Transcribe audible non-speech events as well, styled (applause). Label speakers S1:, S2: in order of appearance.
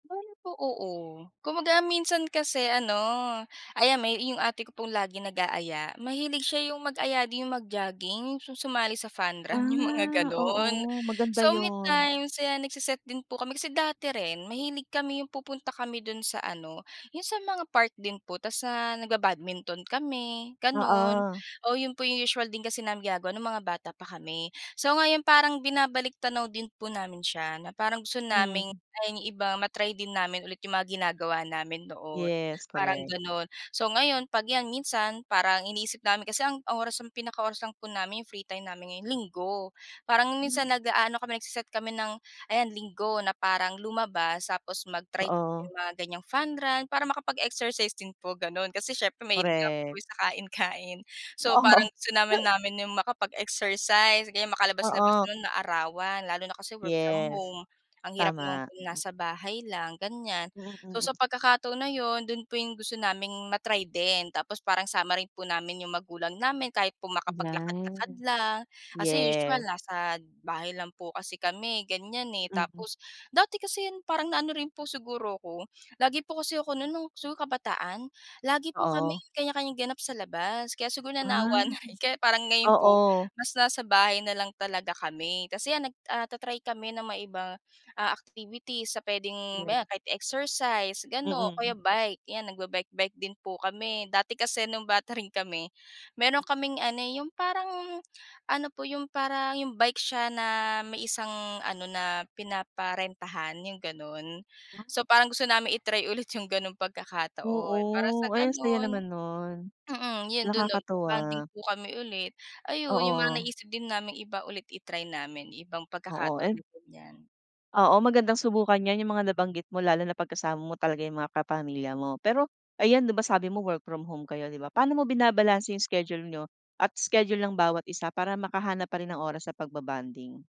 S1: Bale po, oo. Kumbaga minsan kasi ano, ayan may yung ate ko pong lagi nag-aaya, mahilig siya yung mag-aya din yung mag-jogging su sumali sa fun run yung mga
S2: Ah,
S1: gano'n.
S2: oo maganda
S1: So, may
S2: 'yon.
S1: time sila nagse-set din po kami kasi dati rin mahilig kami yung pupunta kami do'n sa ano, yung sa mga park din po tas na nagba-badminton kami gano'n.
S2: Oo.
S1: Oh, 'yon po yung usual din kasi namin gagawa nung mga bata pa kami. So, ngayon parang binabalik-tanaw din po namin siya na parang gusto
S2: Hmm.
S1: naming ay yung iba ma-try din namin ulit yung mga ginagawa namin noon
S2: Yes,
S1: parang
S2: correct.
S1: gano'n. So, ngayon pag 'yan minsan parang iniisip namin kasi ang oras ng pinaka-oras lang po namin free time namin ngayong Linggo. Parang nung
S2: Hmm.
S1: minsan nag-aano kami, nagse-set kami ng ayan, Linggo na parang lumabas tapos mag-try
S2: Oo.
S1: yung mga gan'yang fun run para makapag-exercise din po gano'n. Kasi siyempre mahilig nga po
S2: Correct.
S1: sa kain-kain. So, parang
S2: Oo.
S1: gusto namin
S2: (chuckles)
S1: namin yung makapag-exercise o kaya makalabas-labas
S2: Oo.
S1: nun maarawan lalo na kasi work from
S2: Yes.
S1: home ang hirap naman
S2: Tama,
S1: pong
S2: mm.
S1: nasa bahay lang ganiyan.
S2: Mm,
S1: So,
S2: mm
S1: sa pagkakataon na yun dun po yung gusto naming ma-try din tapos parang sama rin po namin yung magulang namin kahit po makapaglakad-lakad
S2: 'Yan.
S1: lang kasi usual
S2: Yes
S1: nasa bahay lang po kasi kami gan'yan, eh.
S2: Mm.
S1: Tapos dati kasi yun parang na ano rin po siguro ako, lagi po kasi ako nun no'ng siguro kabataan lagi po kami
S2: Oo.
S1: kanya-kanyang ganap sa labas kaya siguro
S2: Ah,
S1: nanawa na rin kaya parang ngayon po
S2: oo.
S1: mas nasa bahay na lang talaga kami. Kasi 'yan nag ah, ta-try kami na maiba, ah, activities na puwedeng maya
S2: Yes.
S1: kahit exercise gano'n o kaya
S2: Mm.
S1: bike 'yan nagba-bike-bike din po kami. Dati kasi nung bata rin kami meron kaming ano, yung parang ano, po yung parang yung bike siya na may isang ano na pinaparentahan yung gano'n.
S2: (unintelligible)
S1: So, parang gusto namin i-try ulit yung gano'ng
S2: Oo.
S1: pagkakataon para sa
S2: Ay ang saya
S1: gano'n,
S2: naman nun.
S1: mm, 'yon do'n nun nagba-bonding
S2: Nakakatuwa.
S1: po kami ulit. Ayun yung mga
S2: Oo.
S1: naisip din naming iba ulit i-try namin yung ibang
S2: Oo,
S1: pagkakataon
S2: ay
S1: na ganiyan.
S2: Oo, magandang subukan 'yan yung mga nabanggit mo lalo na pag kasama mo talaga yung mga kapamilya mo. Pero ayan, di ba sabi mo work from home kayo, di ba, paano mo binabalanse yung schedule niyo at schedule ng bawat isa para makahanap pa rin ng oras sa pagba-bonding?